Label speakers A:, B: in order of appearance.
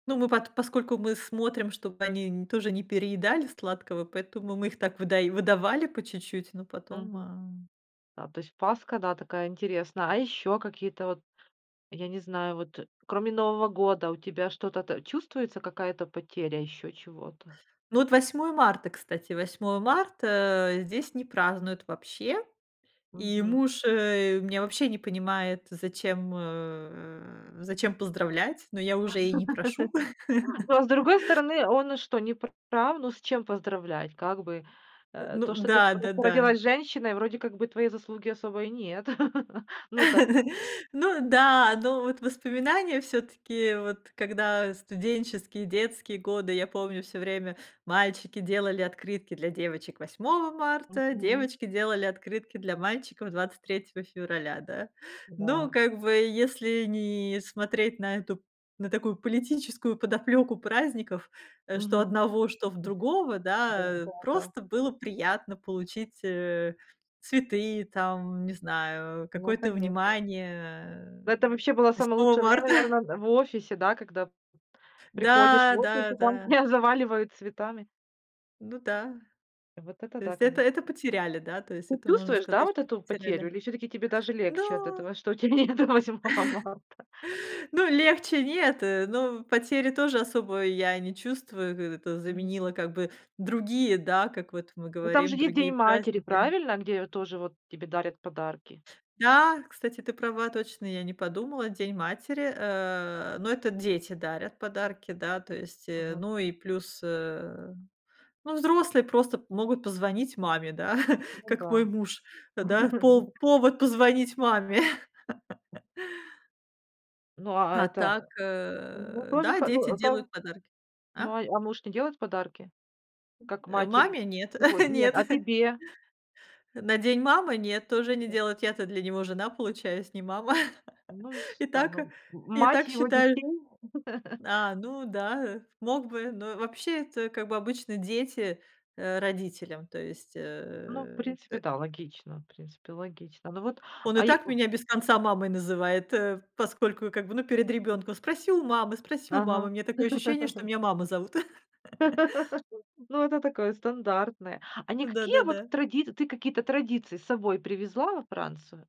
A: Ну, мы под поскольку мы смотрим, чтобы они н тоже не переедали сладкого, поэтому мы их так выдаё выдавали по чуть-чуть, но потом
B: Мгм.
A: а
B: Да, то есть Пасха, да, такая интересная. А ещё какие-то, вот я не знаю, вот кроме Нового года, у тебя что-то то чувствуется, какая-то потеря ещё чего-то?
A: Ну вот, 8 марта, кстати. 8 марта, э, здесь не празднуют вообще, и
B: Мгм.
A: муж, э, меня вообще не понимает, зачем, э, зачем поздравлять, но я уже и не прошу.
B: Но, а с другой стороны, он что, не пр прав? Ну, с чем поздравлять? Как бы,
A: Э.
B: э,
A: Ну
B: то, что ты
A: да,
B: по
A: да да.
B: породилась женщиной, вроде как бы твоей заслуги особой и нет. Ну, так
A: Ну да, но вот воспоминания всё-таки, вот когда, э, студенческие, детские годы, я помню, всё время мальчики делали открытки для девочек 8 марта,
B: Мгм.
A: девочки делали открытки для мальчиков 23 февраля, да. Но
B: Да.
A: как бы, если не смотреть на эту на такую политическую подоплёку праздников, э, что
B: Мгм.
A: одного, что в другого, да,
B: Да,
A: э,
B: да, да.
A: просто было приятно получить, э, цветы, там, не знаю,
B: Ну,
A: какое-то
B: конечно.
A: внимание,
B: Да, это вообще было
A: э,
B: самое
A: 8
B: лучшее время,
A: Марта.
B: наверно, д в офисе, да, когда п приходишь в
A: Да,
B: офис
A: да,
B: и там
A: да.
B: тебя заваливают цветами.
A: Ну да,
B: Вот это
A: то
B: да,
A: есть это
B: конечно.
A: это потеряли, да, то есть
B: Ты
A: это можно
B: чувствуешь, да,
A: сказать,
B: вот
A: что
B: эту потерю,
A: потеряли.
B: или все-таки тебе даже легче от
A: Да.
B: этого, что у тя нету 8-го марта?
A: Ну, легче нет, э, но потери тоже особо я не чувствую, в это
B: Мгм.
A: заменило как бы другие, да, как вот мы
B: Ну, там же
A: говорим,
B: есть
A: другие
B: День матери,
A: праздники.
B: правильно? Где тоже, вот, тебе дарят подарки.
A: Да, кстати, ты права точно, я не подумала, День матери, э, но это дети дарят подарки, да, то есть, э,
B: Мгм.
A: ну, и плюс, э, ну, взрослые просто п могут позвонить маме, да,
B: Ну
A: как
B: да.
A: мой муж, да, пов повод позвонить маме.
B: Ну, а а
A: А
B: это
A: так,
B: Ну,
A: э,
B: тоже
A: да,
B: хо
A: дети
B: ну, ка
A: делают подарки. А?
B: ну, а а муж не делает подарки? Как
A: Э,
B: матери?
A: маме нет
B: Ой, нет,
A: нет.
B: а тебе?
A: На День мамы нет, тоже не
B: Да.
A: делают. Я-то для него жена, получаюсь, не мама,
B: Ну, с
A: и
B: та
A: так
B: ну. М
A: и
B: мать
A: так
B: его
A: считали.
B: детей?
A: А, ну да, э, мог бы, но вообще, это как бы обычно дети, э, родителям, то есть
B: Ну, в
A: э,
B: принципе,
A: тэ
B: да, логично, в принципе, логично. Ну вот,
A: Он и
B: а е
A: так
B: у
A: меня без конца мамой называет, э, поскольку, как бы, ну, перед ребёнком. Спроси у мамы спроси у мамы.
B: Ага.
A: У меня такое ощущение, что меня Мама зовут.
B: Ну, это такое стандартное. А не какие вот
A: Да-да-да.
B: традиц ты какие-то традиции с собой привезла во Францию?